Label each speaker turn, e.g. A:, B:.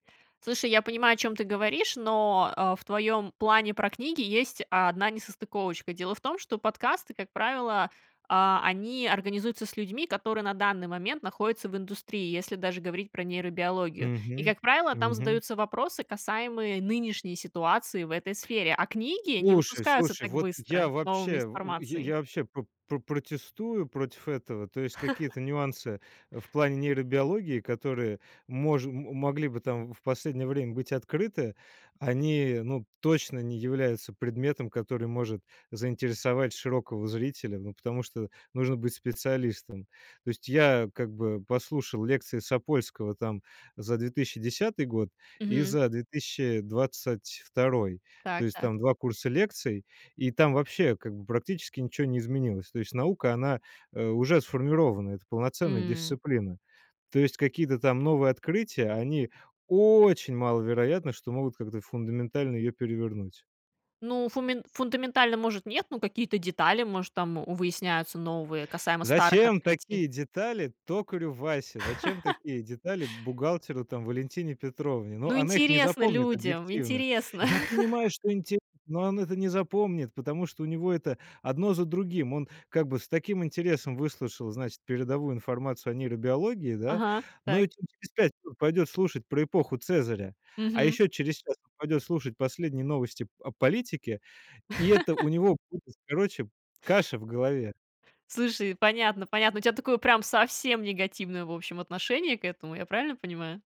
A: Слушай, я понимаю, о чём ты говоришь, но, а, в твоём плане про книги есть 1 несостыковочка. Дело в том, что подкасты, как правило, а, они организуются с людьми, которые на данный момент находятся в индустрии, если даже говорить про нейробиологию. И,
B: Мгм,
A: как правило, там
B: мгм.
A: задаются вопросы, касаемые нынешней ситуации в этой сфере. А книги не
B: Слушай
A: выпускаются
B: слушай,
A: так
B: вот
A: быстро
B: я
A: с новыми
B: вообще в е
A: информацией.
B: я вообще про про протестую против этого. То есть какие-то нюансы, э, в плане нейробиологии, которые мож м м могли бы там в последнее время быть открыты, они, ну, точно не являются предметом, который может заинтересовать широкого зрителя, ну, потому что нужно быть специалистом. То есть я как бы послушал лекции Сапольского там за 2010 год и
A: Мгм.
B: за 2022. То
A: Так,
B: есть
A: так.
B: там 2 курса лекций, и там вообще как бы практически ничего не изменилось. То есть наука, она, э, уже сформирована. Это полноценная
A: М.
B: дисциплина. То есть, какие-то там новые открытия, они очень маловероятно, что могут как-то фундаментально её перевернуть.
A: Ну, фуме фундаментально, может, нет, но какие-то детали, может, там выясняются новые, касаемо старых
B: Зачем такие
A: открытий.
B: детали токарю Васе? Зачем такие детали бухгалтеру там Валентине Петровне? Ну,
A: Ну,
B: она их не
A: интересно
B: запомнит
A: людям,
B: объективно.
A: интересно.
B: Я понимаю, что инте но он это не запомнит, потому что у него это одно за другим. Он как бы с таким интересом выслушал, значит, передовую информацию о нейробиологии, да?
A: Ага,
B: Но
A: так.
B: че через 5 минут пойдет слушать про эпоху Цезаря. А
A: Мгм.
B: еще через час он пойдет слушать последние новости п об политике, и это у него будет, короче, каша в голове.
A: Слушай, понятно понятно. У тебя такое прям совсем негативное, в общем, отношение к этому, я правильно понимаю?